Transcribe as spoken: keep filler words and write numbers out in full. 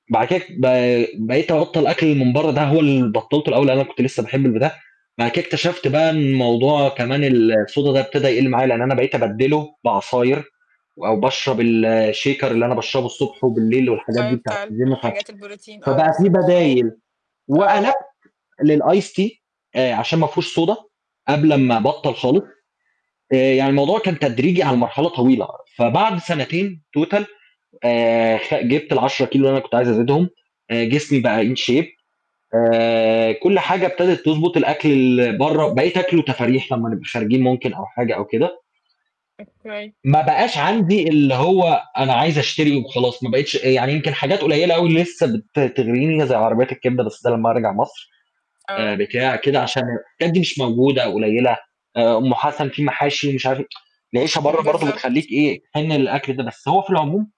بعد كده ب بقيت أبطّل الأكل من برّه ده، هو اللي بطّلته الأول، أنا كنت لسّه باحب الب ده، بعد كده اكتشفت بقى إن الموضوع كمان الSoda ده ابتدى يَقل معايا، لإن أنا بقيت أبدّله بعصاير و أو باشرب الShaker اللي أنا باشربه الصبح وبالليل والحاجات دي أيوه بتاعة بتاع ال الGym ف الحاجات البروتين آه فبقى في بالضبط، فاهمه، بدايل، آه. وقلبت للIce tea آآ، عشان ما فيهوش Soda قبل امم. ما أبطّل خالص، آآ، يعني الموضوع كان تدريجي على مرحلة طويلة، فبعد سنتين Total آآ، خ جبت العشرة كيلو اللي أنا كنت عايز أزيدهم، آآ، جسمي بقى In shape آآ، كلّ حاجة ابتدت تضبط، الأكل اللي برّه بقيت آكله تفاريح لمّا نبقى خارجين ممكن أو حاجة أو كده. [unintelligible] ما بقاش عندي اللي هو أنا عايز أشتري وخلاص، ما بقيتش آآ، يعني يمكن حاجات قليّلة أوي اللي لسّه بت بتغريني زي عربيات الكبدة، بس لمّا أرجع مصر، آآ، آه. بتاع، كده، عشان الحاجات دي مش موجودة أو قليّلة، آآ أم حسن، في محاشي مش عارف إيه، العيشة برّه برضو بالضبط. بتخلّيك إيه، تحن للأكل ده، بس هو في العموم